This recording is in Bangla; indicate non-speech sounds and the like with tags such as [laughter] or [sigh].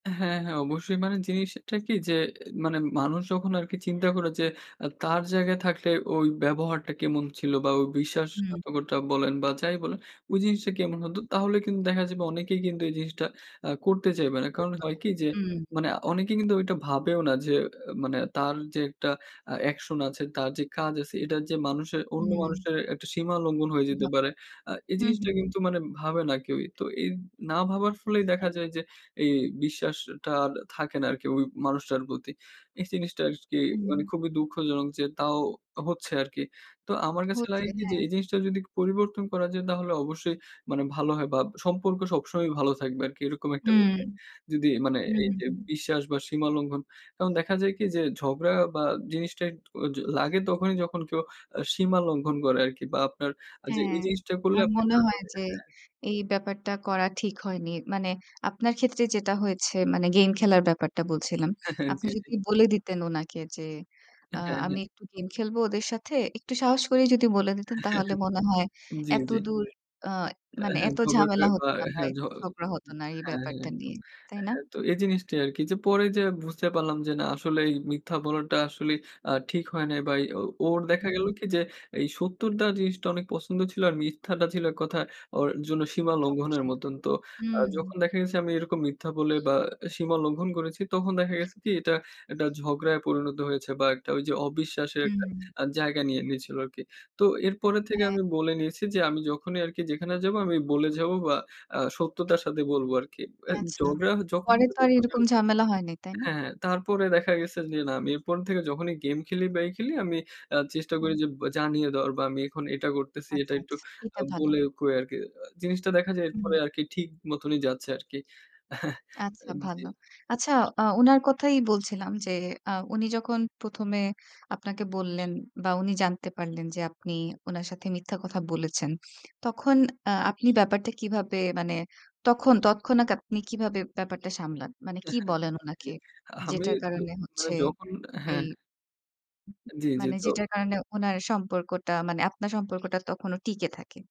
হ্যাঁ, হ্যাঁ অবশ্যই মানে জিনিসটা কি যে মানে মানুষ যখন আরকি চিন্তা করে যে আ তার জায়গায় থাকলে ওই ব্যবহারটা কেমন ছিল বা ওই হুম। বিশ্বাসঘাতকতা বলেন বা যাই বলেন ওই জিনিসটা কেমন হতো তাহলে কিন্তু দেখা যাবে অনেকেই কিন্তু এই জিনিসটা আ করতে চাইবে না। কারণ হয় [unintelligible] কি যে উম মানে আ অনেকে কিন্তু ওইটা ভাবেও না যে আ মানে তার যে একটা আ অ্যাকশন আছে, তার যে কাজ আছে এটা যে মানুষের অন্য হুম। মানুষের একটা সীমা লঙ্ঘন হয়ে যেতে প্রভাব পারে। পড়ে, আ এই হুম, জিনিসটা হুম, হুম। কিন্তু মানে ভাবে না কেউই। তো এই না ভাবার ফলেই দেখা যায় যে, এই বিশ্বাসটা আর থাকে না আরকি ওই মানুষটার প্রতি। এই জিনিসটা আরকি হুম। মানে খুবই দুঃখজনক যে তাও হচ্ছে আরকি। তো আমার কাছে লাগে হচ্ছে কি যে হ্যাঁ। এই জিনিসটা যদি পরিবর্তন করা যায় তাহলে অবশ্যই মানে ভালো হয় বা সম্পর্ক সবসময়ই ভালো থাকবে আরকি এরকম একটা হুম, বিষয়। যদি মানে হুম, হুম, এইযে হুম। বিশ্বাস বা সীমা লঙ্ঘন। তখন দেখা যায় কি যে ঝগড়া বা জিনিসটা এট অ য লাগে তখনই যখন কেউ আ সীমা লঙ্ঘন করে আরকি বা আপনার আ যে হ্যাঁ। এই জিনিসটা করলে আর আপনি মনে হয় যে [unintelligible] এই ব্যাপারটা করা ঠিক হয়নি। মানে আপনার ক্ষেত্রে যেটা হয়েছে মানে গেম খেলার ব্যাপারটা বলছিলাম। [chuckles] জি, আপনি জি। যদি বলে দিতেন ওনাকে যে অ্যা আ হ্যাঁ, আমি হ্যাঁ। একটু গেম খেলবো ওদের সাথে একটু সাহস করেই যদি বলে দিতেন তাহলে [chuckles] মনে হয় জি, জি। এতদূর আ অ্যা মানে হ্যাঁ এত ঝগড়াটা ঝামেলা বা হতো না বা হ্যাঁ ঝ এত ঝগড়া হত না এই হ্যাঁ, ব্যাপারটা হ্যাঁ। নিয়ে। তাই না? হ্যাঁ, তো এই জিনিসটা আরকি যে পরে যেয়ে বুঝতে পারলাম যে না আসলেই এই মিথ্যা বলাটা আসলেই আ ঠিক হয় নাই। বা এ ও ওর দেখা গেল হুম। কি যে এই [unintelligible] জিনিসটা অনেক পছন্দ ছিল। আর মিথ্যাটা ছিল এক কথায় ওর জন্য সীমা লঙ্ঘনের অপছন্দ। মত। তো আ উম হুম। যখন দেখা গেছে আমি এরকম মিথ্যা বলে বা সীমা লঙ্ঘন করেছি। তখন দেখা গেছে কি এটা একটা ঝগড়ায় পরিণত হয়েছে বা একটা ওইযে অবিশ্বাসের একটা উম আ জায়গা নিয়ে নিয়েছিল আরকি। তো এরপরে থেকে হ্যাঁ। আমি বলে নিয়েছি যে আমি যখনই আরকি যেখানে যাবো আমি বলে যাবো বা আ সত্যতার সাথে বলবো আরকি। অ্যা আচ্ছা, ঝগড়া যখন পরে তো আর এরকম [unintelligible] ঝামেলা হয়নি, তাই না? হ্যাঁ, তারপরে দেখা গেছে যে না আমি এরপর থেকে যখনই গেম খেলি বা এই খেলি আমি আ চেষ্টা করি হুম। যে ব জানিয়ে দেওয়ার বা আমি এখন এটা করতেছি এটা আচ্ছা, একটু আচ্ছা এটা আ ভালো। বলে কয়ে আরকি আ জিনিসটা দেখা যায় এরপরে উম আরকি ঠিক মতনই যাচ্ছে আরকি। [chuckles] আচ্ছা অ্যা জি। ভালো। আচ্ছা আ উনার কথাই বলছিলাম যে আ উনি যখন ১ম এ আপনাকে বললেন বা উনি জানতে পারলেন যে আপনি উনার সাথে মিথ্যা কথা বলেছেন। তখন আ আপনি ব্যাপারটা কিভাবে মানে তখন তৎক্ষণাৎ আপনি কিভাবে ব্যাপারটা সামলান? মানে কী [chuckles] বলেন জি, উনাকে আমি যেটার তো কারণে মানে হচ্ছে যখন হ্যাঁ, এই হ্যাঁ। জি, জি মানে তো যেটার কারণে উনার সম্পর্কটা মানে আপনার সম্পর্কটা তখনও টিকে থাকে।